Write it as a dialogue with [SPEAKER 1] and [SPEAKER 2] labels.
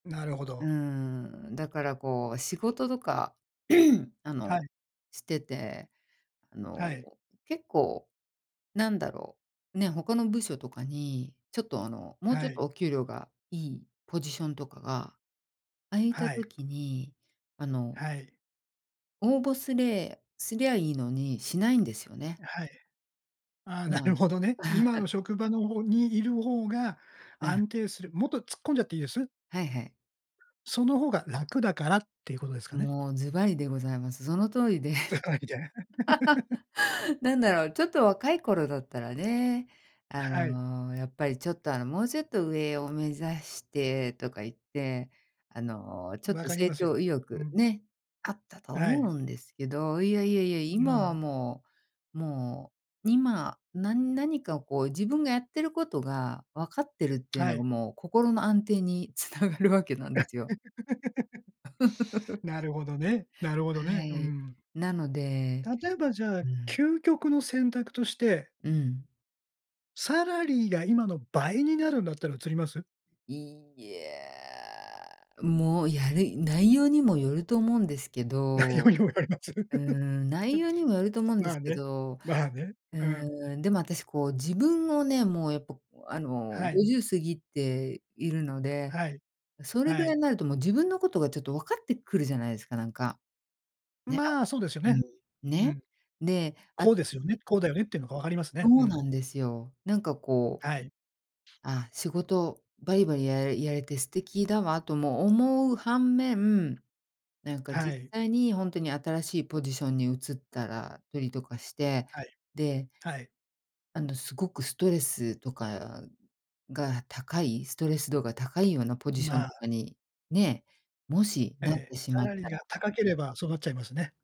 [SPEAKER 1] なるほ
[SPEAKER 2] う
[SPEAKER 1] ど。
[SPEAKER 2] ーん、だからこう仕事とか、あ
[SPEAKER 1] はい。
[SPEAKER 2] の、してて、あ
[SPEAKER 1] は
[SPEAKER 2] の、
[SPEAKER 1] い。
[SPEAKER 2] 結構なんだろう、ね、他の部署とかにちょっと、あの、もう
[SPEAKER 1] は
[SPEAKER 2] ちょっと
[SPEAKER 1] い。
[SPEAKER 2] お給料がいいポジションとかが空いた
[SPEAKER 1] はい。
[SPEAKER 2] 時にあの
[SPEAKER 1] はい。
[SPEAKER 2] 応募すれすりゃいいのにしないんですよね。
[SPEAKER 1] はい。あ、
[SPEAKER 2] う
[SPEAKER 1] なる
[SPEAKER 2] ん。
[SPEAKER 1] ほどね。今 の職場の方にいる方が
[SPEAKER 2] うん。
[SPEAKER 1] 安定するもっと突っ込んじゃっていいです？
[SPEAKER 2] はいはい。
[SPEAKER 1] その方が楽だからっていうことですかね。
[SPEAKER 2] もう、ズバリでございます。その通りで。
[SPEAKER 1] ズバリじゃあ
[SPEAKER 2] なん
[SPEAKER 1] う
[SPEAKER 2] だ
[SPEAKER 1] ん。
[SPEAKER 2] ろう、ちょっと若い頃だったらね、あ
[SPEAKER 1] はい。
[SPEAKER 2] の、やっぱりちょっと、あの、もうちょっと上を目指してとか言って、あの、ちょっ
[SPEAKER 1] 分
[SPEAKER 2] と
[SPEAKER 1] かり
[SPEAKER 2] 成
[SPEAKER 1] ますよ。
[SPEAKER 2] 長意
[SPEAKER 1] う
[SPEAKER 2] 欲
[SPEAKER 1] ん。
[SPEAKER 2] ね、あったと
[SPEAKER 1] は
[SPEAKER 2] 思
[SPEAKER 1] い。
[SPEAKER 2] うんですけど、いやいやいや、
[SPEAKER 1] う
[SPEAKER 2] 今は
[SPEAKER 1] ん。
[SPEAKER 2] もう、もう今、な何かをこう自分がやってることが、わかってるっていう
[SPEAKER 1] は
[SPEAKER 2] のが
[SPEAKER 1] い。
[SPEAKER 2] もう、心の安定につながるわけなんですよ。
[SPEAKER 1] なるほどね、なるほど
[SPEAKER 2] は
[SPEAKER 1] ね。う
[SPEAKER 2] い。
[SPEAKER 1] ん。
[SPEAKER 2] なので
[SPEAKER 1] 例えば、じゃあ、
[SPEAKER 2] うん。
[SPEAKER 1] 究極の選択として
[SPEAKER 2] うん。
[SPEAKER 1] サラリーが今の倍になるんだったら移ります？
[SPEAKER 2] いや、もうやる内容にもよると思うんですけ
[SPEAKER 1] 内容
[SPEAKER 2] ど。
[SPEAKER 1] にもよります？あ、う、
[SPEAKER 2] うーん、内容にもよると思う
[SPEAKER 1] う
[SPEAKER 2] ん
[SPEAKER 1] ん、
[SPEAKER 2] で
[SPEAKER 1] まあ
[SPEAKER 2] すけ
[SPEAKER 1] ね
[SPEAKER 2] ど、
[SPEAKER 1] まあね、
[SPEAKER 2] う
[SPEAKER 1] うん。
[SPEAKER 2] ーん、でも、あたしこう自分をね、もうやっぱあの、
[SPEAKER 1] は
[SPEAKER 2] ご
[SPEAKER 1] い。
[SPEAKER 2] じゅう過ぎているので、
[SPEAKER 1] はい、
[SPEAKER 2] それ
[SPEAKER 1] は
[SPEAKER 2] ぐらい
[SPEAKER 1] い。
[SPEAKER 2] になるともう、自分のことがちょっとわかってくるじゃないですか、なんか。ね、あ
[SPEAKER 1] まあ、そうですよ
[SPEAKER 2] う
[SPEAKER 1] ね。
[SPEAKER 2] ん。
[SPEAKER 1] う
[SPEAKER 2] ね。
[SPEAKER 1] ん。
[SPEAKER 2] で、あ
[SPEAKER 1] こ
[SPEAKER 2] た
[SPEAKER 1] うですよね
[SPEAKER 2] し
[SPEAKER 1] こうだよねっていうのが分かります
[SPEAKER 2] そ
[SPEAKER 1] ね。う
[SPEAKER 2] う
[SPEAKER 1] ん。
[SPEAKER 2] なんですよ。なんか、こう、
[SPEAKER 1] はい。
[SPEAKER 2] あ、仕事バリバリややれて素敵だわとも思う反面、なんか
[SPEAKER 1] は
[SPEAKER 2] 実
[SPEAKER 1] い。
[SPEAKER 2] 際にほんとに、新しいポジションに移ったら、よりとかして、
[SPEAKER 1] はい。
[SPEAKER 2] で
[SPEAKER 1] はい。
[SPEAKER 2] あの、すごくストレスとかが高い、ストレス度が高いようなポジショ
[SPEAKER 1] ま
[SPEAKER 2] ンと
[SPEAKER 1] あ。
[SPEAKER 2] かに、ね、もしなっ
[SPEAKER 1] ええ、
[SPEAKER 2] てし
[SPEAKER 1] サ
[SPEAKER 2] まっ
[SPEAKER 1] ラリー
[SPEAKER 2] た
[SPEAKER 1] が
[SPEAKER 2] ら
[SPEAKER 1] 高ければそうなっちゃいますね。